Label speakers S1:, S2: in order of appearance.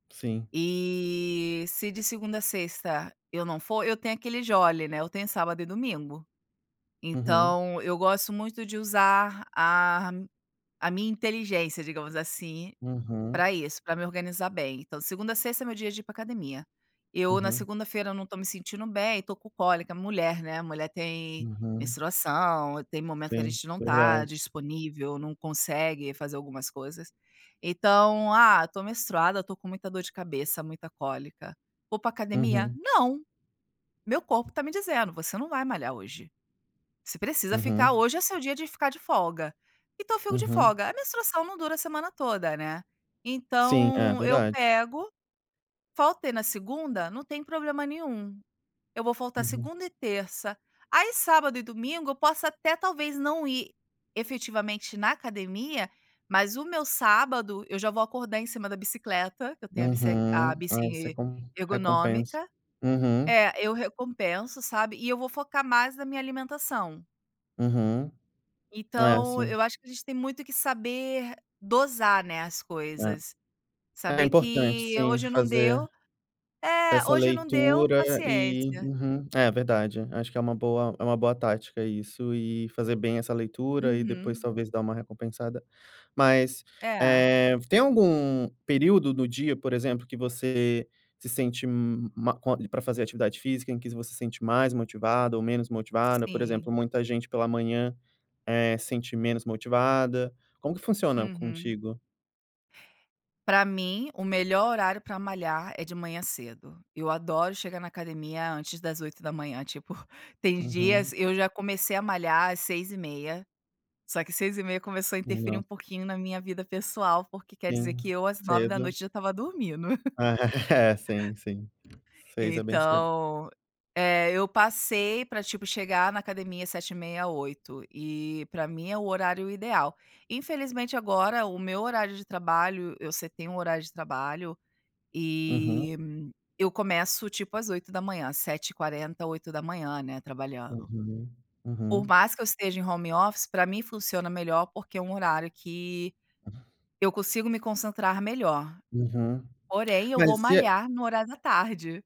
S1: Sim.
S2: E se de segunda a sexta eu não for, eu tenho aquele jolly, né, eu tenho sábado e domingo.
S1: Uhum.
S2: Então eu gosto muito de usar a a minha inteligência, digamos assim,
S1: Uhum.
S2: pra isso, pra me organizar bem. Então segunda a sexta é meu dia de ir pra academia. Eu na
S1: Uhum.
S2: segunda-feira não tô me sentindo bem, tô com cólica, mulher, né. Mulher tem
S1: Uhum.
S2: menstruação, tem momento que a
S1: Sim,
S2: gente não tá
S1: verdade.
S2: disponível, não consegue fazer algumas coisas. Então, ah, tô menstruada, tô com muita dor de cabeça, muita cólica. Vou pra academia?
S1: Uhum.
S2: Não! Meu corpo tá me dizendo: "Você não vai malhar hoje". Você precisa ficar
S1: Uhum.
S2: hoje é seu dia de ficar de folga. Então fico de
S1: Uhum.
S2: folga. A menstruação não dura a semana toda, né.
S1: Sim, é
S2: Então eu
S1: verdade.
S2: pego, faltei na segunda, não tem problema nenhum. Eu vou faltar
S1: Uhum.
S2: segunda e terça. Aí sábado e domingo eu posso até talvez não ir efetivamente na academia, mas o meu sábado eu já vou acordar em cima da bicicleta, que eu tenho a bici
S1: Uhum,
S2: a
S1: ah, isso é
S2: bici
S1: como recompensa.
S2: ergonômica.
S1: Uhum.
S2: É, eu recompenso, sabe. E eu vou focar mais na minha alimentação.
S1: Uhum. É,
S2: Então,
S1: sim.
S2: eu acho que a gente tem muito que saber dosar, né, as coisas.
S1: É, é
S2: Saber
S1: importante,
S2: que
S1: sim,
S2: hoje não
S1: fazer
S2: deu. É,
S1: essa
S2: hoje não deu,
S1: leitura e
S2: paciência.
S1: Uhum, é verdade, acho que é uma boa é uma boa tática isso e fazer bem essa leitura e depois
S2: Uhum.
S1: talvez dar uma recompensada. Mas,
S2: É.
S1: eh, tem algum período do dia, por exemplo, que você se sente ma com pra fazer atividade física, em que você se sente mais motivada ou menos motivada? Por exemplo,
S2: Sim.
S1: muita gente pela manhã, eh, sente menos motivada. Como que funciona
S2: Uhum.
S1: contigo?
S2: Pra mim, o melhor horário pra malhar é de manhã cedo. Eu adoro chegar na academia antes das 8h. Tipo, tem dias
S1: Uhum.
S2: eu já comecei a malhar às 6:30, só que seis e meia começou a interferir um
S1: Não.
S2: pouquinho na minha vida pessoal, porque quer dizer
S1: Sim,
S2: que eu às nove da
S1: cedo.
S2: noite já tava dormindo.
S1: É, sim, sim. 6 é bem cedo.
S2: Então, é, eu passei pra tipo chegar na academia 7:30, 8:00. E pra mim é o horário ideal. Infelizmente, agora o meu horário de trabalho eu setei um horário de trabalho
S1: Uhum.
S2: e eu começo tipo às 8h, 7:40, 8h, né, trabalhando.
S1: Uhum.
S2: Por
S1: Uhum.
S2: mais que eu esteja em home office, pra mim funciona melhor, porque é um horário que eu consigo me concentrar melhor.
S1: Uhum.
S2: Porém, eu vou
S1: Mas e a
S2: malhar no horário da tarde.